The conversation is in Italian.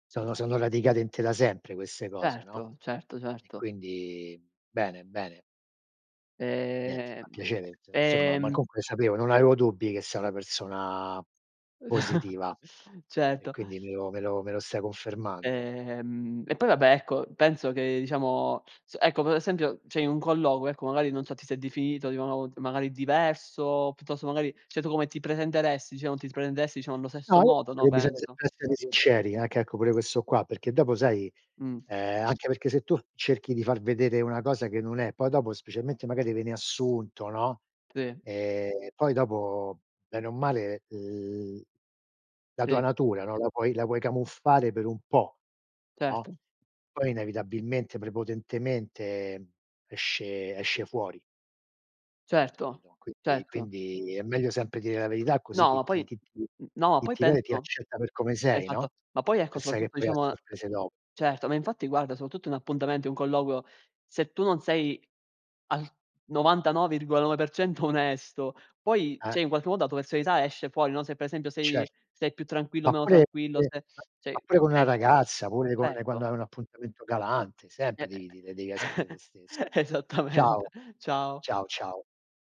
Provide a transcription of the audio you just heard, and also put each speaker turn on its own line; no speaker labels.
Sono sono radicate in te, da sempre queste cose, no?
Erto, certo,
E
certo.
quindi bene, bene. E niente,
Ehm
fa piacere, insomma, ma
ehm
comunque sapevo non avevo dubbi, che sei una persona positiva e
Certo.
quindi me lo me lo me lo stai confermando.
Ehm, e poi, vabbè, ecco, penso che, diciamo ecco, p esempio, cioè un colloquio, ecco, magari non so, ti sei definito, di [unintelligible] magari diverso, piuttosto magari cioè, tu come ti presenteresti, diciamo, ti presenteresti, diciamo, allo
No,
stesso
io
modo,
penso
no,
che bisogna
penso?
sempre essere sinceri, anche, ecco, pure questo qua, perché dopo, sai
Mh.
uhm, anche perché, se tu cerchi di far vedere una cosa che non è, poi dopo, specialmente magari vieni assunto, no,
Sì.
ehm, poi dopo, bene o male, uhm, l la tua
Sì.
natura, no, la puoi la vuoi camuffare per un po', no,
Certo.
poi inevitabilmente, prepotentemente, mhmm, esce esce fuori.
Certo,
Capito, quindi
certo.
quindi è meglio sempre dire la verità, così
No, ma
chi
poi
ti chi ti
mhmm, no, ma
chi
poi
ti vede, ti
penso
accetta per come sei,
Esatto.
no?
Ma poi, ecco,
E sai che
soprattutto,
poi ha
diciamo, uhm
sorprese do
Certo, ma infatti, guarda, soprattutto in appuntamento, un colloquio, se tu non sei al 99,9% onesto, poi,
Ah.
cioè, in qualche modo la tua personalità esce fuori, no, se per esempio
Cer
sei sei più tranquillo o
ma
meno
pure
tranquillo, se
[unintelligible] ma
Sì,
pure con una
esce.
ragazza, pure con quando
Certo.
hai un appuntamento galante,
E
sempre
e
devi dire devi
e
essere te stesso.
esattamente.
Ciao.
Ciao.
Ciao, ciao.